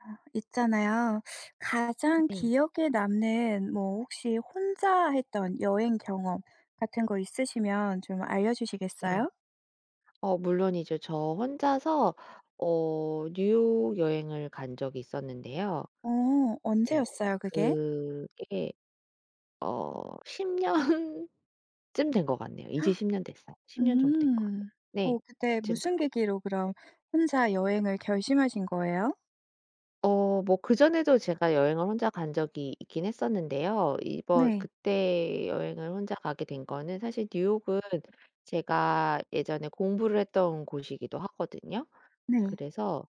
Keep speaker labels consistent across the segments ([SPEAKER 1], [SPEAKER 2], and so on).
[SPEAKER 1] 아 있잖아요. 가장
[SPEAKER 2] 네.
[SPEAKER 1] 기억에 남는 뭐 혹시 혼자 했던 여행 경험 같은 거 있으시면 좀
[SPEAKER 2] 네.
[SPEAKER 1] 알려주시겠어요?
[SPEAKER 2] 어 물론이죠. 저 혼자서 어 뉴욕 여행을 간 적이 있었는데요.
[SPEAKER 1] 어.
[SPEAKER 2] 네.
[SPEAKER 1] 언제였어요? 그게?
[SPEAKER 2] 그게 어 10 년쯤 된 것 같네요. 이제 10 년 됐어요. 10 년 정도 된 것
[SPEAKER 1] 음.
[SPEAKER 2] 같아요. 네.
[SPEAKER 1] 어 그때
[SPEAKER 2] 그쯤 된
[SPEAKER 1] 무슨
[SPEAKER 2] 거
[SPEAKER 1] 계기로 그럼 혼자 여행을 결심하신 거예요?
[SPEAKER 2] 어 뭐 그전에도 제가 여행을 혼자 간 적이 있긴 했었는데요. 이번
[SPEAKER 1] 네.
[SPEAKER 2] 그때 여행을 혼자 가게 된 거는 사실 뉴욕은 제가 예전에 공부를 했던 곳이기도 하거든요.
[SPEAKER 1] 네.
[SPEAKER 2] 그래서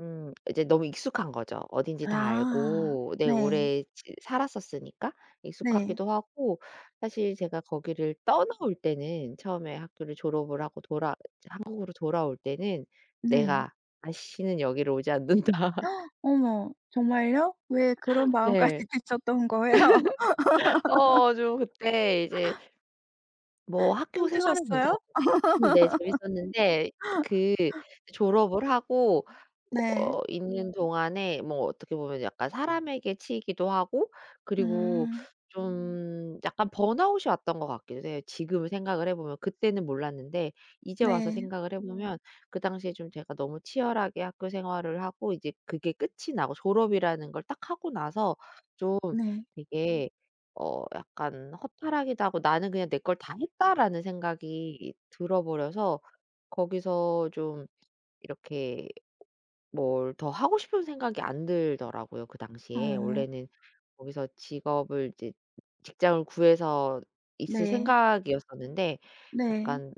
[SPEAKER 2] 음 이제 너무 익숙한 거죠 어딘지 다
[SPEAKER 1] 아
[SPEAKER 2] 알고. 네
[SPEAKER 1] 네.
[SPEAKER 2] 오래 즈 살았었으니까.
[SPEAKER 1] 네.
[SPEAKER 2] 익숙하기도 하고 사실 제가 거기를 떠나올 때는 처음에 학교를 졸업을 하고 돌아 이제 한국으로 돌아올 때는
[SPEAKER 1] 네.
[SPEAKER 2] '내가 다시는 여기를 오지 않는다.'
[SPEAKER 1] 어머 정말요? 왜 그런 마음까지
[SPEAKER 2] 네.
[SPEAKER 1] 드셨던 거예요?
[SPEAKER 2] 어 저 그때 이제 뭐 학교 생활은 괜찮았는데
[SPEAKER 1] 힘드셨어요?
[SPEAKER 2] 음 네 재밌었는데 그 졸업을 하고
[SPEAKER 1] 네.
[SPEAKER 2] 어 있는 동안에 뭐 어떻게 보면 약간 사람에게 치이기도 하고 그리고
[SPEAKER 1] 음.
[SPEAKER 2] 좀 약간 번아웃이 왔던 것 같기도 해요 지금 생각을 해 보면. 그때는 몰랐는데 이제 와서
[SPEAKER 1] 네.
[SPEAKER 2] 생각을 해 보면 그 당시에 좀 제가 너무 치열하게 학교생활을 하고 이제 그게 끝이 나고 졸업이라는 걸 딱 하고 나서 좀
[SPEAKER 1] 네.
[SPEAKER 2] 되게 어 약간 허탈하기도 하고 '나는 그냥 내 걸 다 했다.'라는 생각이 들어 버려서 거기서 좀 이렇게 뭘 더 하고 싶은 생각이 안 들더라고요 그 당시에.
[SPEAKER 1] 어.
[SPEAKER 2] 원래는 거기서 직업을 이제 직장을 구해서 있을
[SPEAKER 1] 네.
[SPEAKER 2] 생각이었었는데
[SPEAKER 1] 네.
[SPEAKER 2] 약간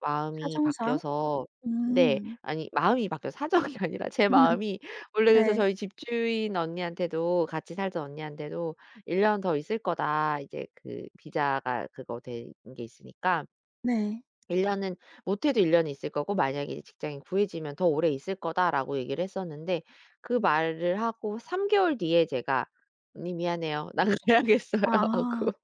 [SPEAKER 2] 마음이
[SPEAKER 1] 사정상.
[SPEAKER 2] 바뀌어서 네.
[SPEAKER 1] 음.
[SPEAKER 2] 아니 마음이 바뀌어 사정이 아니라 제 마음이. 원래 그래서
[SPEAKER 1] 네.
[SPEAKER 2] 저희 집주인 언니한테도 같이 살던 언니한테도 "1 년 더 있을 거다." 이제 그 비자가 그거 된 게 있으니까
[SPEAKER 1] 네.
[SPEAKER 2] "1 년은 못해도 1 년은 있을 거고 만약에 직장이 구해지면 더 오래 있을 거다."라고 얘기를 했었는데 그 말을 하고 3 개월 뒤에 제가 "언니 미안해요 나 가야겠어요."
[SPEAKER 1] 아
[SPEAKER 2] 하고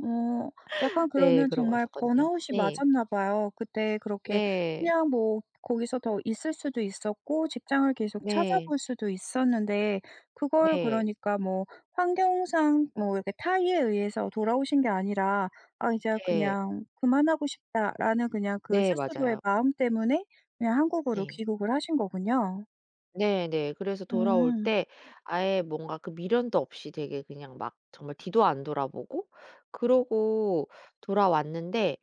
[SPEAKER 1] 어 약간
[SPEAKER 2] 네.
[SPEAKER 1] 그러면
[SPEAKER 2] 그러고
[SPEAKER 1] 정말
[SPEAKER 2] 왔었거든요.
[SPEAKER 1] 번아웃이
[SPEAKER 2] 네.
[SPEAKER 1] 맞았나 봐요. 그때 그렇게
[SPEAKER 2] 네.
[SPEAKER 1] 그냥 뭐 거기서 더 있을 수도 있었고 직장을 계속
[SPEAKER 2] 네.
[SPEAKER 1] 찾아볼 수도 있었는데 그걸
[SPEAKER 2] 네.
[SPEAKER 1] 그러니까 뭐 환경상 뭐 이렇게 타의에 의해서 돌아오신 게 아니라 '아 이제
[SPEAKER 2] 네.
[SPEAKER 1] 그냥 그만하고 싶다.'라는 그냥 그
[SPEAKER 2] 네
[SPEAKER 1] 스스로의
[SPEAKER 2] 맞아요.
[SPEAKER 1] 마음 때문에 그냥 한국으로
[SPEAKER 2] 네.
[SPEAKER 1] 귀국을 하신 거군요.
[SPEAKER 2] 네네. 그래서 돌아올
[SPEAKER 1] 음.
[SPEAKER 2] 때 아예 뭔가 그 미련도 없이 되게 그냥 막 정말 뒤도 안 돌아보고 그러고 돌아왔는데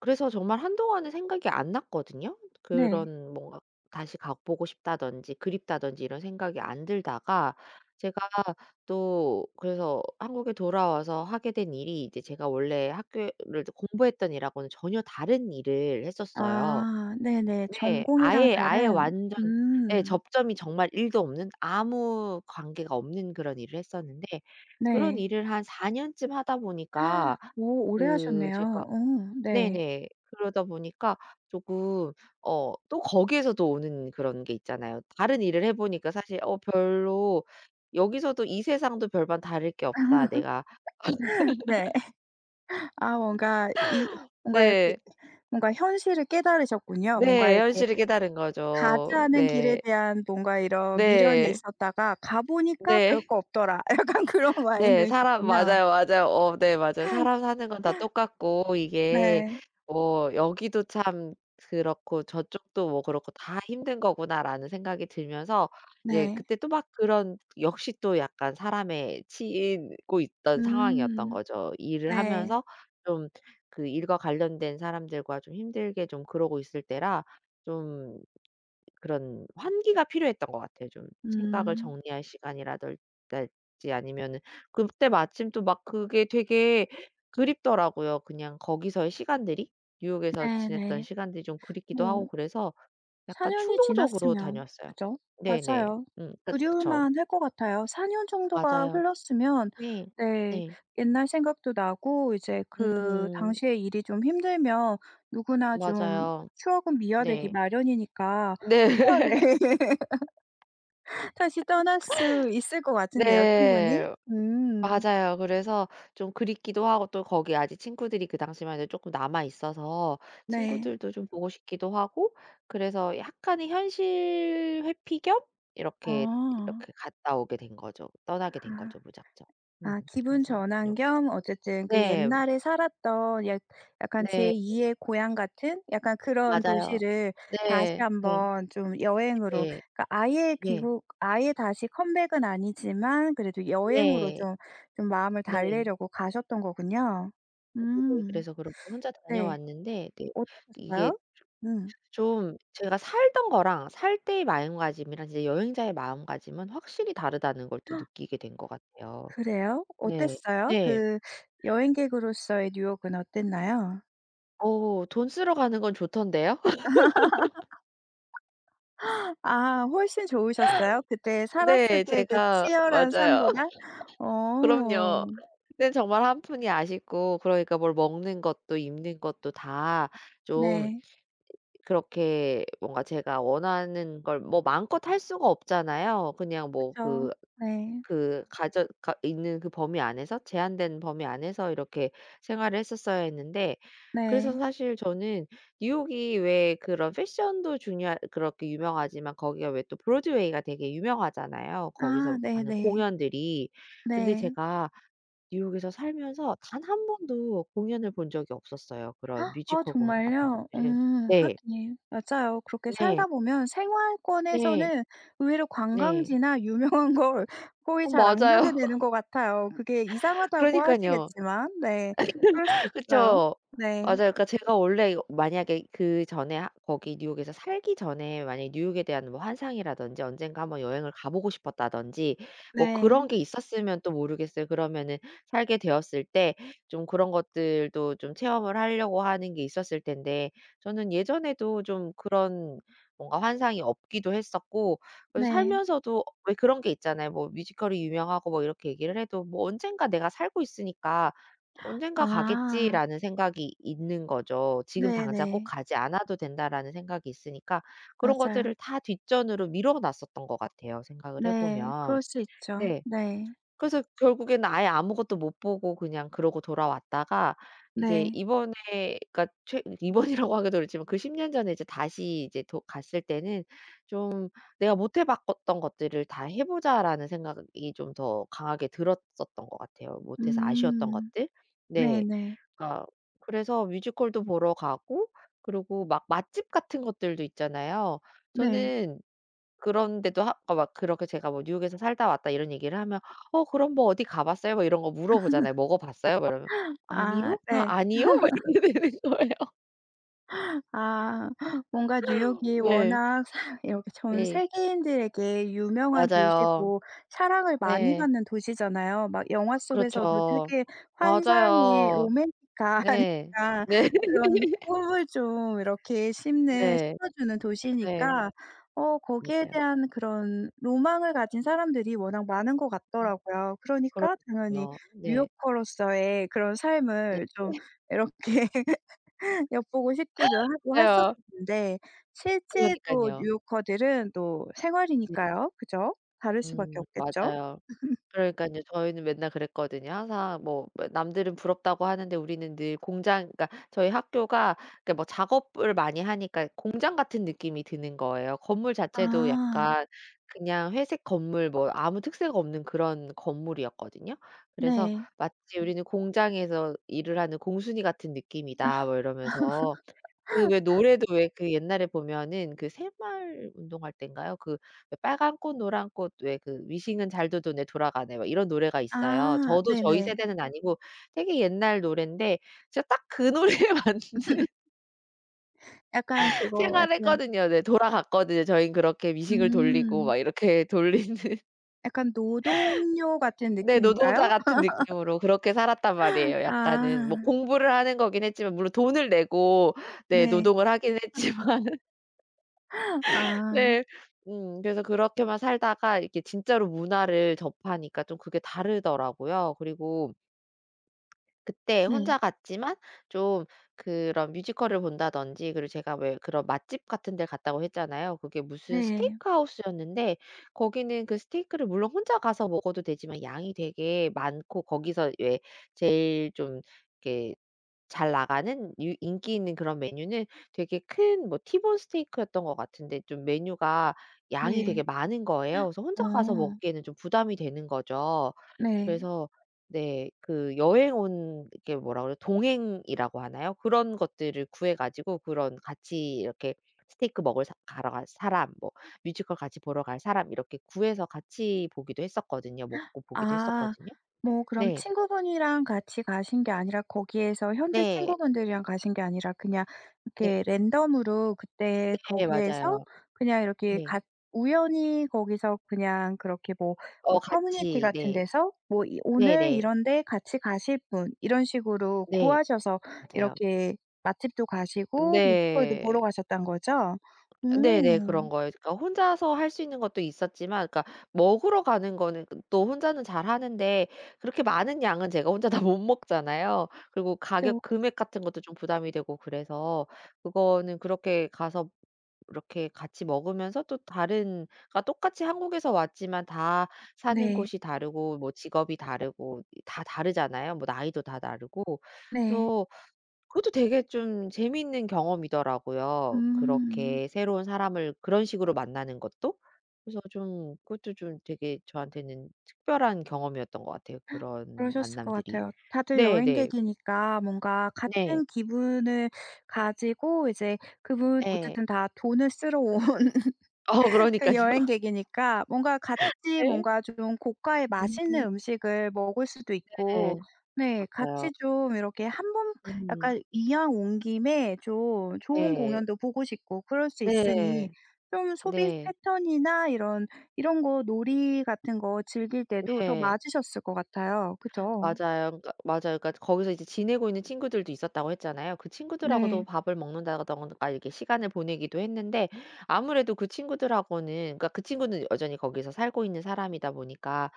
[SPEAKER 2] 그래서 정말 한동안은 생각이 안 났거든요.
[SPEAKER 1] 네.
[SPEAKER 2] 그런 뭔가 '다시 가보고 싶다.'든지 '그립다.'든지 이런 생각이 안 들다가 제가 또 그래서 한국에 돌아와서 하게 된 일이 이제 제가 원래 학교에 를 공부했던 일하고는 전혀 다른 일을 했었어요.
[SPEAKER 1] 아 네네.
[SPEAKER 2] 네.
[SPEAKER 1] 전공이랑
[SPEAKER 2] 아예, 아예
[SPEAKER 1] 다른
[SPEAKER 2] 완전 예
[SPEAKER 1] 음.
[SPEAKER 2] 접점이 정말 1도 없는 아무 관계가 없는 그런 일을 했었는데 그런
[SPEAKER 1] 네.
[SPEAKER 2] 일을 한 4 년쯤 하다 보니까
[SPEAKER 1] 오 오래
[SPEAKER 2] 그
[SPEAKER 1] 하셨네요.
[SPEAKER 2] 제가
[SPEAKER 1] 어 네.
[SPEAKER 2] 네네. 그러다 보니까 조금 어 또 거기에서도 오는 그런 게 있잖아요. 다른 일을 해보니까 사실 어 "별로 여기서도 이 세상도 별반 다를 게 없다." 내가
[SPEAKER 1] 네. 아 뭔가 이 뭔가 이렇게
[SPEAKER 2] 네.
[SPEAKER 1] 뭔가 현실을 깨달으셨군요. 뭔가
[SPEAKER 2] 네.
[SPEAKER 1] 이렇게
[SPEAKER 2] 현실을 깨달은
[SPEAKER 1] 가지
[SPEAKER 2] 거죠.
[SPEAKER 1] 않은 길에
[SPEAKER 2] 네.
[SPEAKER 1] 대한 뭔가 이런 미련이
[SPEAKER 2] 네.
[SPEAKER 1] 있었다가 가보니까 별
[SPEAKER 2] 네.
[SPEAKER 1] 거 없더라. 약간 그런
[SPEAKER 2] 네, 사람
[SPEAKER 1] 마인드셨군요.
[SPEAKER 2] 맞아요. 맞아요. 어 네 맞아요. '사람 사는 건 다 똑같고 이게
[SPEAKER 1] 네.
[SPEAKER 2] 뭐 여기도 참 그렇고 저쪽도 뭐 그렇고 다 힘든 거구나.'라는 생각이 들면서 이제
[SPEAKER 1] 네.
[SPEAKER 2] 그때 또 막 그런 역시 또 약간 사람에 치이고 있던 상황이었던
[SPEAKER 1] 음
[SPEAKER 2] 거죠. 일을
[SPEAKER 1] 네.
[SPEAKER 2] 하면서 좀 그 일과 관련된 사람들과 좀 힘들게 좀 그러고 있을 때라 좀 그런 환기가 필요했던 것 같아요. 좀 생각을
[SPEAKER 1] 음.
[SPEAKER 2] 정리할 시간이라든지 아니면은 그때 마침 또 막 그게 되게 그립더라고요. 그냥 거기서의 시간들이 뉴욕에서 지냈던
[SPEAKER 1] 네네.
[SPEAKER 2] 시간들이 좀 그립기도 하고
[SPEAKER 1] 뭐
[SPEAKER 2] 그래서
[SPEAKER 1] 4
[SPEAKER 2] 약간
[SPEAKER 1] 년이
[SPEAKER 2] 충동적으로
[SPEAKER 1] 지났으면
[SPEAKER 2] 다녀왔어요.
[SPEAKER 1] 그죠,
[SPEAKER 2] 네네.
[SPEAKER 1] 맞아요.
[SPEAKER 2] 음 그 그쵸.
[SPEAKER 1] 그리울만 할 것 같아요. 4 년 정도가
[SPEAKER 2] 맞아요.
[SPEAKER 1] 흘렀으면
[SPEAKER 2] 네.
[SPEAKER 1] 네
[SPEAKER 2] 네.
[SPEAKER 1] 옛날 생각도 나고 이제 그
[SPEAKER 2] 음.
[SPEAKER 1] 당시에 일이 좀 힘들면 누구나 좀
[SPEAKER 2] 맞아요.
[SPEAKER 1] 추억은 미화되기
[SPEAKER 2] 네.
[SPEAKER 1] 마련이니까
[SPEAKER 2] 네.
[SPEAKER 1] 휴가 내 다시 떠날 수 있을 것 같은데요, 충분히.
[SPEAKER 2] 네.
[SPEAKER 1] 음.
[SPEAKER 2] 맞아요. 그래서 좀 그립기도 하고 또 거기 아직 친구들이 그 당시만 해도 쪼끔 남아 있어서
[SPEAKER 1] 네.
[SPEAKER 2] 친구들도 좀 보고 싶기도 하고 그래서 약간의 현실 회피 겸 이렇게
[SPEAKER 1] 아.
[SPEAKER 2] 이렇게 갔다 오게 된 거죠. 떠나게 된
[SPEAKER 1] 아
[SPEAKER 2] 거죠 무작정. 음
[SPEAKER 1] 아 기분
[SPEAKER 2] 그래서
[SPEAKER 1] 전환
[SPEAKER 2] 다녀오게
[SPEAKER 1] 겸
[SPEAKER 2] 됐어요.
[SPEAKER 1] 어쨌든 그
[SPEAKER 2] 네.
[SPEAKER 1] 옛날에 살았던 약 약간 제
[SPEAKER 2] 네.
[SPEAKER 1] 2의 고향 같은 약간 그런
[SPEAKER 2] 맞아요.
[SPEAKER 1] 도시를 다시
[SPEAKER 2] 네.
[SPEAKER 1] 1
[SPEAKER 2] 네.
[SPEAKER 1] 번 좀 여행으로
[SPEAKER 2] 네.
[SPEAKER 1] 그니까 아예
[SPEAKER 2] 네.
[SPEAKER 1] 귀국 아예 다시 컴백은 아니지만 그래도 여행으로
[SPEAKER 2] 네.
[SPEAKER 1] 좀, 좀 마음을
[SPEAKER 2] 네.
[SPEAKER 1] 달래려고 가셨던 거군요. 음.
[SPEAKER 2] 그래서 그렇게 혼자
[SPEAKER 1] 네.
[SPEAKER 2] 다녀왔는데, 네. 이게
[SPEAKER 1] 어떠셨어요?
[SPEAKER 2] 조
[SPEAKER 1] 음.
[SPEAKER 2] 좀 제가 살던 거랑 살 때의 마음가짐이랑 이제 여행자의 마음가짐은 확실히 다르다는 걸 또 느끼게 된 것 같아요.
[SPEAKER 1] 그래요?
[SPEAKER 2] 네.
[SPEAKER 1] 어땠어요?
[SPEAKER 2] 네.
[SPEAKER 1] 그 여행객으로서의 뉴욕은 어땠나요?
[SPEAKER 2] 어 돈 쓰러 가는 건 좋던데요?
[SPEAKER 1] 아 훨씬 좋으셨어요? 그때 살았을
[SPEAKER 2] 네.
[SPEAKER 1] 때의 그
[SPEAKER 2] 제가
[SPEAKER 1] 치열한
[SPEAKER 2] 맞아요.
[SPEAKER 1] 삶보다?
[SPEAKER 2] 그럼요.
[SPEAKER 1] 어.
[SPEAKER 2] 그땐 정말 1 푼이 아쉽고 그러니까 뭘 먹는 것도 입는 것도 다 좀
[SPEAKER 1] 네.
[SPEAKER 2] 그렇게 뭔가 제가 원하는 걸 뭐 마음껏 할 수가 없잖아요. 그냥 뭐
[SPEAKER 1] 그쵸.
[SPEAKER 2] 그
[SPEAKER 1] 네.
[SPEAKER 2] 그 가져가 있는 그 범위 안에서 제한된 범위 안에서 이렇게 생활을 했었어야 했는데 그래서
[SPEAKER 1] 네.
[SPEAKER 2] 사실 저는 뉴욕이 왜 그런 패션도 중요하 그렇게 유명하지만 거기가 왜 또 브로드웨이가 되게 유명하잖아요.
[SPEAKER 1] 아
[SPEAKER 2] 거기서 하는
[SPEAKER 1] 네네.
[SPEAKER 2] 공연들이. 근데
[SPEAKER 1] 네.
[SPEAKER 2] 제가 뉴욕에서 살면서 단 1 번도 공연을 본 적이 없었어요, 그런
[SPEAKER 1] 아
[SPEAKER 2] 뮤지컬 공연 같은
[SPEAKER 1] 정말요?
[SPEAKER 2] 것들을.
[SPEAKER 1] 음
[SPEAKER 2] 네.
[SPEAKER 1] 하긴. 맞아요. 그렇게 살다
[SPEAKER 2] 네.
[SPEAKER 1] 보면
[SPEAKER 2] 네.
[SPEAKER 1] 생활권에서는 의외로
[SPEAKER 2] 네.
[SPEAKER 1] 관광지나 유명한 걸 거의
[SPEAKER 2] 어
[SPEAKER 1] 잘 안 가게
[SPEAKER 2] 맞아요.
[SPEAKER 1] 되는 것 같아요. 그게 이상하다고
[SPEAKER 2] 그러니깐요.
[SPEAKER 1] 하시겠지만 네 그럴 수도 있어요.
[SPEAKER 2] 그쵸.
[SPEAKER 1] 네.
[SPEAKER 2] 맞아요. 그러니까 제가 원래 이거 만약에 그전에 하 거기 뉴욕에서 살기 전에 만약에 뉴욕에 대한 뭐 환상이라든지 '언젠가 1 번 여행을 가보고 싶었다.'든지 뭐
[SPEAKER 1] 네.
[SPEAKER 2] 그런 게 있었으면 또 모르겠어요. 그러면은 살게 되었을 때 좀 그런 것들도 좀 체험을 하려고 하는 게 있었을 텐데 저는 예전에도 좀 그런 뭔가 환상이 없기도 했었고 그래서
[SPEAKER 1] 네.
[SPEAKER 2] 살면서도 왜 그런 게 있잖아요. 뭐 뮤지컬이 유명하고 뭐 이렇게 얘기를 해도 뭐 '언젠가 내가 살고 있으니까 언젠가
[SPEAKER 1] 아.
[SPEAKER 2] 가겠지.'라는 생각이 있는 거죠. '지금 당장 꼭
[SPEAKER 1] 네네.
[SPEAKER 2] 가지 않아도 된다.'라는 생각이 있으니까 그런 것들을
[SPEAKER 1] 맞아요.
[SPEAKER 2] 다 뒷전으로 미뤄놨었던 것 같아요 생각을
[SPEAKER 1] 네
[SPEAKER 2] 해보면.
[SPEAKER 1] 그럴 수 있죠.
[SPEAKER 2] 네.
[SPEAKER 1] 네.
[SPEAKER 2] 그래서 결국에는 아예 아무것도 못 보고 그냥 그러고 돌아왔다가 이제
[SPEAKER 1] 네.
[SPEAKER 2] 이번에 그니까 최 이번이라고 하기도 그렇지만 그 10 년 전에 이제 다시 이제 도 갔을 때는 좀 '내가 못해봤 것 던 것들을 다 해보자.'라는 생각이 좀 더 강하게 들었었던 것 같아요 못해서 아쉬웠던
[SPEAKER 1] 음
[SPEAKER 2] 것들. 네.
[SPEAKER 1] 네네.
[SPEAKER 2] 그러니까 그래서 뮤지컬도 보러 가고 그리고 막 맛집 같은 것들도 있잖아요.
[SPEAKER 1] 네.
[SPEAKER 2] 저는 그런데도 하 그러니까 막 그렇게 제가 뭐 뉴욕에서 살다 왔다 이런 얘기를 하면 "어 그럼 뭐 어디 가봤어요?" 뭐 이런 거 물어보잖아요. "먹어봤어요?" 막 이러면
[SPEAKER 1] 아
[SPEAKER 2] "아니요, 아
[SPEAKER 1] 네.
[SPEAKER 2] 아니요" 막 이렇게 되는 거예요.
[SPEAKER 1] 아 뭔가 뉴욕이
[SPEAKER 2] 네.
[SPEAKER 1] 워낙 사 이렇게 전
[SPEAKER 2] 네.
[SPEAKER 1] 세계인들에게 유명한
[SPEAKER 2] 맞아요.
[SPEAKER 1] 도시고 사랑을 많이
[SPEAKER 2] 네.
[SPEAKER 1] 받는 도시잖아요. 막 영화 속에서도
[SPEAKER 2] 그렇죠.
[SPEAKER 1] 되게 환상의
[SPEAKER 2] 맞아요.
[SPEAKER 1] 로맨틱한
[SPEAKER 2] 네.
[SPEAKER 1] 약간
[SPEAKER 2] 네.
[SPEAKER 1] 그런 꿈을 좀 이렇게 심는
[SPEAKER 2] 네.
[SPEAKER 1] 심어주는
[SPEAKER 2] 네.
[SPEAKER 1] 도시니까 어 거기에
[SPEAKER 2] 맞아요.
[SPEAKER 1] 대한 그런 로망을 가진 사람들이 워낙 많은 것 같더라고요. 그러니까 당연히
[SPEAKER 2] 그럼요. 네.
[SPEAKER 1] 뉴욕커로서의 그런
[SPEAKER 2] 네.
[SPEAKER 1] 삶을 좀 이렇게 엿보고 싶기도 하고 했었을
[SPEAKER 2] 맞아요.
[SPEAKER 1] 텐데 실제로
[SPEAKER 2] 그러니깐요.
[SPEAKER 1] 뉴요커들은 또
[SPEAKER 2] 네.
[SPEAKER 1] 생활이니까요, 그죠? 다를 수밖에
[SPEAKER 2] 음
[SPEAKER 1] 없겠죠?
[SPEAKER 2] 맞아요. 그러니깐요. 저희는 맨날 그랬거든요. 항상 뭐 뭐야 남들은 부럽다고 하는데 우리는 늘 공장 그러니까 저희 학교가 그러니까 뭐 작업을 많이 하니까 공장 같은 느낌이 드는 거예요. 건물 자체도
[SPEAKER 1] 아.
[SPEAKER 2] 약간 그냥 회색 건물 뭐 아무 특색 없는 그런 건물이었거든요. 그래서
[SPEAKER 1] 네.
[SPEAKER 2] "마치 우리는 공장에서 일을 하는 공순이 같은 느낌이다." 뭐 이러면서. 그 왜 노래도 왜 그 옛날에 보면은 그 새마을 운동할 때인가요? 그 "빨간 꽃 노란 꽃 왜 그 미싱은 잘도 도네 돌아가네." 뭐 이런 노래가 있어요.
[SPEAKER 1] 아
[SPEAKER 2] 저도 저희
[SPEAKER 1] 네네.
[SPEAKER 2] 세대는 아니고 되게 옛날 노랜데 제가 딱 그 노래에 맞는
[SPEAKER 1] 약간 그거
[SPEAKER 2] 생활을
[SPEAKER 1] 약간
[SPEAKER 2] 했거든요. 네 돌아갔거든요. 저희는 그렇게 미싱을 돌리고
[SPEAKER 1] 음.
[SPEAKER 2] 막 이렇게 돌리는.
[SPEAKER 1] 약간 노동요 같은
[SPEAKER 2] 네 노동자
[SPEAKER 1] 느낌인가요?
[SPEAKER 2] 같은 느낌으로 그렇게 살았단 말이에요 약간은. 뭐
[SPEAKER 1] 아.
[SPEAKER 2] 공부를 하는 거긴 했지만 물론 돈을 내고 네
[SPEAKER 1] 네.
[SPEAKER 2] 노동을 하긴
[SPEAKER 1] 아
[SPEAKER 2] 했지만.
[SPEAKER 1] 아.
[SPEAKER 2] 네. 음 그래서 그렇게만 살다가 이렇게 진짜로 문화를 접하니까 좀 그게 다르더라고요. 그리고 그때
[SPEAKER 1] 음.
[SPEAKER 2] 혼자 갔지만 좀 그런 뮤지컬을 본다든지 그리고 제가 왜 그런 "맛집 같은 델 갔다."고 했잖아요. 그게 무슨
[SPEAKER 1] 네.
[SPEAKER 2] 스테이크 하우스였는데 거기는 그 스테이크를 물론 혼자 가서 먹어도 되지만 양이 되게 많고 거기서 왜 제일 좀 이렇게 잘나가는 유 인기 있는 그런 메뉴는 되게 큰 뭐 티본스테이크였던 것 같은데 좀 메뉴가 양이
[SPEAKER 1] 네.
[SPEAKER 2] 되게 많은 거예요. 그래서 혼자 가서
[SPEAKER 1] 어.
[SPEAKER 2] 먹기에는 좀 부담이 되는 거죠.
[SPEAKER 1] 네.
[SPEAKER 2] 그래서 네 그 여행 온 그 이렇게 뭐라 그래요? 동행이라고 하나요? 그런 것들을 구해 가지고 그런 같이 이렇게 '스테이크 먹을 사 가러 갈 사람' 뭐 '뮤지컬 같이 보러 갈 사람' 이렇게 구해서 같이 보기도 했었거든요. 먹고 보기도
[SPEAKER 1] 아
[SPEAKER 2] 했었거든요.
[SPEAKER 1] 뭐 그럼
[SPEAKER 2] 네.
[SPEAKER 1] 친구분이랑 같이 가신 게 아니라 거기에서 현지
[SPEAKER 2] 네.
[SPEAKER 1] 친구분들이랑 가신 게 아니라 그냥
[SPEAKER 2] 네.
[SPEAKER 1] 이렇게 랜덤으로 그때
[SPEAKER 2] 네 맞아요.
[SPEAKER 1] 거기에서 그냥 이렇게
[SPEAKER 2] 네.
[SPEAKER 1] 같 우연히 거기서 그냥 그렇게 뭐 어
[SPEAKER 2] 어
[SPEAKER 1] 커뮤니티
[SPEAKER 2] 같이
[SPEAKER 1] 같은
[SPEAKER 2] 네.
[SPEAKER 1] 데서 뭐 이 "오늘
[SPEAKER 2] 네네.
[SPEAKER 1] 이런데 같이 가실 분?" 이런 식으로
[SPEAKER 2] 네.
[SPEAKER 1] 구하셔서
[SPEAKER 2] 맞아요.
[SPEAKER 1] 이렇게 맛집도 가시고 뮤지컬도
[SPEAKER 2] 네.
[SPEAKER 1] 보러 가셨다는 거죠?
[SPEAKER 2] 네네.
[SPEAKER 1] 오.
[SPEAKER 2] 그런 거예요. 그러니까 혼자서 할 수 있는 것도 있었지만 그러니까 먹으러 가는 거는 그 또 혼자는 잘하는데 그렇게 많은 양은 제가 혼자 다 못 먹잖아요. 그리고
[SPEAKER 1] 그쵸,
[SPEAKER 2] 가격
[SPEAKER 1] 그쵸.
[SPEAKER 2] 금액 같은 것도 좀 부담이 되고 그래서 그거는 그렇게 가서 이렇게 같이 먹으면서 또 다른 그러니까 똑같이 한국에서 왔지만 다 사는
[SPEAKER 1] 네.
[SPEAKER 2] 곳이 다르고 뭐 직업이 다르고 다 다르잖아요. 뭐 나이도 다 다르고.
[SPEAKER 1] 네.
[SPEAKER 2] 그래서 그것도 되게 좀 재밌는 경험이더라고요,
[SPEAKER 1] 음.
[SPEAKER 2] 그렇게 새로운 사람을 그런 식으로 만나는 것도. 그래서 좀 그것도 좀 되게 저한테는 특별한 경험이었던 것 같아요, 그런
[SPEAKER 1] 그러셨을 것
[SPEAKER 2] 만남들이.
[SPEAKER 1] 같아요. 다들
[SPEAKER 2] 네네.
[SPEAKER 1] 여행객이니까 뭔가
[SPEAKER 2] 네.
[SPEAKER 1] 같은 기분을 가지고 이제 그분
[SPEAKER 2] 네.
[SPEAKER 1] 어쨌든 다 돈을 쓰러 온
[SPEAKER 2] 어
[SPEAKER 1] 그
[SPEAKER 2] 그러니깐요.
[SPEAKER 1] 여행객이니까 뭔가 같이
[SPEAKER 2] 네.
[SPEAKER 1] 뭔가 좀 고가의 맛있는
[SPEAKER 2] 음.
[SPEAKER 1] 음식을 먹을 수도 있고
[SPEAKER 2] 네.
[SPEAKER 1] 네.
[SPEAKER 2] 맞아요.
[SPEAKER 1] 같이 좀 이렇게 1 번
[SPEAKER 2] 음.
[SPEAKER 1] 약간 이왕 온 김에 좀 좋은
[SPEAKER 2] 네.
[SPEAKER 1] 공연도 보고 싶고 그럴 수 있으니
[SPEAKER 2] 네.
[SPEAKER 1] 좀 소비
[SPEAKER 2] 네.
[SPEAKER 1] 패턴이나 이런, 이런 거 놀이 같은 거 즐길 때도 더
[SPEAKER 2] 네.
[SPEAKER 1] 맞으셨을 것 같아요, 그죠?
[SPEAKER 2] 맞아요. 그러니까 맞아요. 그러니까 거기서 이제 지내고 있는 친구들도 있었다고 했잖아요. 그 친구들하고도
[SPEAKER 1] 네.
[SPEAKER 2] 밥을 먹는다든가 이렇게 시간을 보내기도 했는데 아무래도 그 친구들하고는 그러니까 그 친구는 여전히 거기서 살고 있는 사람이다 보니까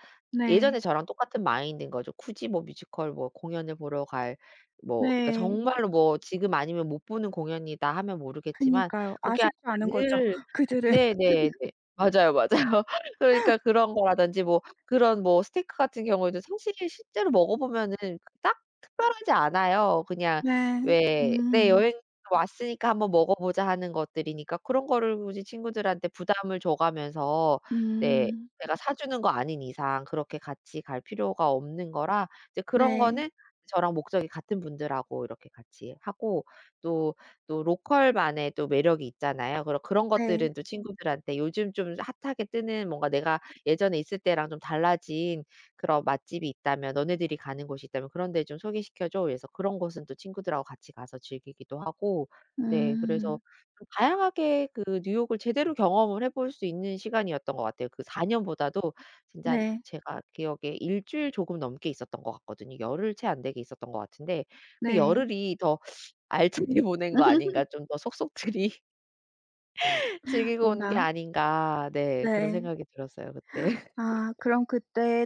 [SPEAKER 2] 예전에
[SPEAKER 1] 네.
[SPEAKER 2] 저랑 똑같은 마인드인 거죠. 굳이 뭐 뮤지컬 뭐 공연을 보러 갈 뭐 그러니까
[SPEAKER 1] 네.
[SPEAKER 2] 정말로 뭐 '지금 아니면 못 보는 공연이다.' 하면 모르겠지만
[SPEAKER 1] 그니까요.
[SPEAKER 2] 그게 아니라
[SPEAKER 1] 아쉽지 않은 거죠,
[SPEAKER 2] 늘
[SPEAKER 1] 그들은.
[SPEAKER 2] 네 네 네. 맞아요, 맞아요. 그러니까 그런 거라든지 뭐 그런 뭐 스테이크 같은 경우에도 사실 실제로 먹어보면은 그닥 특별하지 않아요. 그냥
[SPEAKER 1] 네.
[SPEAKER 2] 왜 네
[SPEAKER 1] 음.
[SPEAKER 2] '여행 왔으니까 1 번 먹어보자.' 하는 것들이니까 그런 거를 굳이 친구들한테 부담을 줘가면서 네.
[SPEAKER 1] 음.
[SPEAKER 2] 내가 사주는 거 아닌 이상 그렇게 같이 갈 필요가 없는 거라 이제 그런
[SPEAKER 1] 네.
[SPEAKER 2] 거는 저랑 목적이 같은 분들하고 이렇게 같이 하고 또, 또 로컬만의 또 매력이 있잖아요. 그런 그런
[SPEAKER 1] 네.
[SPEAKER 2] 것들은 또 친구들한테 "요즘 좀 핫하게 뜨는 뭔가 내가 예전에 있을 때랑 좀 달라진 그런 맛집이 있다면 너네들이 가는 곳이 있다면 그런 데 좀 소개시켜 줘." 그래서 그런 곳은 또 친구들하고 같이 가서 즐기기도 하고 네 그래서
[SPEAKER 1] 음.
[SPEAKER 2] 좀 다양하게 그 뉴욕을 제대로 경험을 해볼 수 있는 시간이었던 것 같아요. 그 4 년보다도 진짜
[SPEAKER 1] 네.
[SPEAKER 2] 제가 기억에 1 주일 조금 넘게 있었던 것 같거든요. 열흘 채 안 되게 있었던 것 같은데 '그
[SPEAKER 1] 네.
[SPEAKER 2] 열흘이 더 알차게 보낸 거 아닌가 좀 더 속속들이 즐기고 온 게
[SPEAKER 1] 뭔가
[SPEAKER 2] 아닌가.' 네 그런
[SPEAKER 1] 네.
[SPEAKER 2] 생각이 들었어요. 그때.
[SPEAKER 1] 아 그럼 그때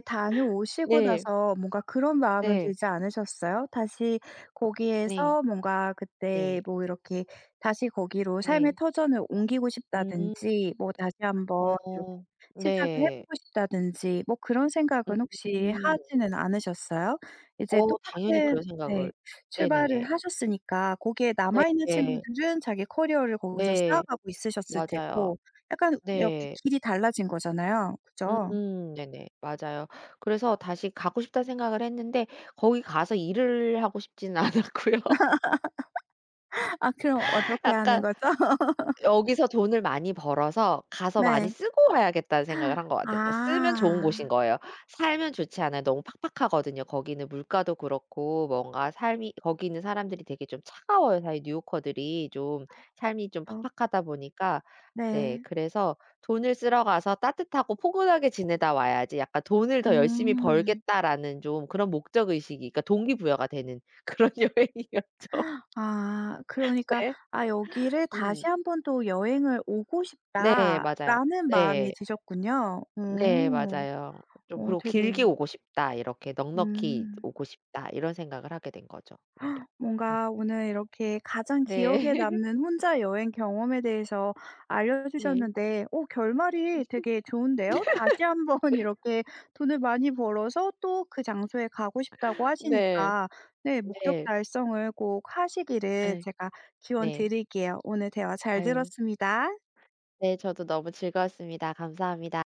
[SPEAKER 1] 다녀오시고
[SPEAKER 2] 네.
[SPEAKER 1] 나서 뭔가 그런 마음은
[SPEAKER 2] 네.
[SPEAKER 1] 들지 않으셨어요? 다시
[SPEAKER 2] 네.
[SPEAKER 1] 거기에서 뭔가 그때
[SPEAKER 2] 네.
[SPEAKER 1] 뭐 이렇게 '다시 거기로 삶의
[SPEAKER 2] 네.
[SPEAKER 1] 터전을 옮기고
[SPEAKER 2] 음.
[SPEAKER 1] 싶다.'든지 뭐 '다시 한번 이렇게
[SPEAKER 2] 어
[SPEAKER 1] 시작을 해
[SPEAKER 2] 네.
[SPEAKER 1] 보고 싶다.'든지 뭐 그런 생각은 혹시
[SPEAKER 2] 음.
[SPEAKER 1] 하지는 않으셨어요? 이제
[SPEAKER 2] 어 당연히
[SPEAKER 1] 똑같은
[SPEAKER 2] 그런
[SPEAKER 1] 네
[SPEAKER 2] 생각을
[SPEAKER 1] 출발을
[SPEAKER 2] 네네네.
[SPEAKER 1] 하셨으니까 거기에 남아있는
[SPEAKER 2] 네네.
[SPEAKER 1] 친구들은 자기 커리어를 거기서
[SPEAKER 2] 네.
[SPEAKER 1] 쌓아가고 있으셨을
[SPEAKER 2] 맞아요.
[SPEAKER 1] 테고 약간 이렇게
[SPEAKER 2] 네.
[SPEAKER 1] 길이 달라진 거잖아요, 그죠?
[SPEAKER 2] 음 네네. 맞아요. 그래서 '다시 가고 싶다.'는 생각을 했는데 거기 가서 일을 하고 싶지는 않았고요.
[SPEAKER 1] 아 그럼 어떻게 하는
[SPEAKER 2] 약간
[SPEAKER 1] 거죠?
[SPEAKER 2] '여기서 돈을 많이 벌어서 가서 많이
[SPEAKER 1] 네.
[SPEAKER 2] 쓰고 와야겠다.'는 생각을 한 것 같아요. 그러니까 쓰면 좋은 곳인
[SPEAKER 1] 아.
[SPEAKER 2] 거예요. 살면 좋지 않아요. 너무 팍팍하거든요. 거기는 물가도 그렇고 뭔가 삶이 거기 있는 사람들이 되게 좀 차가워요, 사실 뉴욕커들이 좀 삶이 좀
[SPEAKER 1] 어.
[SPEAKER 2] 팍팍하다 보니까. 네.
[SPEAKER 1] 네.
[SPEAKER 2] 그래서 '돈을 쓰러 가서 따뜻하고 포근하게 지내다 와야지.' 약간 '돈을 더 열심히
[SPEAKER 1] 음.
[SPEAKER 2] 벌겠다.'라는 좀 그런 목적의식이 그러니까 동기부여가 되는 그런 여행이었죠.
[SPEAKER 1] 아 그러니까
[SPEAKER 2] 네.
[SPEAKER 1] 아 '여기를
[SPEAKER 2] 음.
[SPEAKER 1] 다시 한번 또 여행을 오고
[SPEAKER 2] 네 맞아요.
[SPEAKER 1] 싶다.'라는 마음이
[SPEAKER 2] 네.
[SPEAKER 1] 드셨군요.
[SPEAKER 2] 네
[SPEAKER 1] 오.
[SPEAKER 2] 맞아요. 좀
[SPEAKER 1] 어
[SPEAKER 2] 그러고 '길게
[SPEAKER 1] 되게
[SPEAKER 2] 오고 싶다.' 이렇게 '넉넉히
[SPEAKER 1] 음.
[SPEAKER 2] 오고 싶다.' 이런 생각을 하게 된 거죠 오히려. 음.
[SPEAKER 1] 뭔가 오늘 이렇게 가장 기억에
[SPEAKER 2] 네.
[SPEAKER 1] 남는 혼자 여행 경험에 대해서
[SPEAKER 2] 네.
[SPEAKER 1] 알려주셨는데 어 결말이 되게 좋은데요. 다시 한번 이렇게 돈을 많이 벌어서 또 그 장소에 가고 싶다고
[SPEAKER 2] 네.
[SPEAKER 1] 하시니까 네 목적
[SPEAKER 2] 네.
[SPEAKER 1] 달성을 꼭 하시기를
[SPEAKER 2] 예.
[SPEAKER 1] 제가
[SPEAKER 2] 네.
[SPEAKER 1] 기원드릴게요. 오늘 대화 잘
[SPEAKER 2] 아유.
[SPEAKER 1] 들었습니다.
[SPEAKER 2] 네 저도 너무 즐거웠습니다. 감사합니다.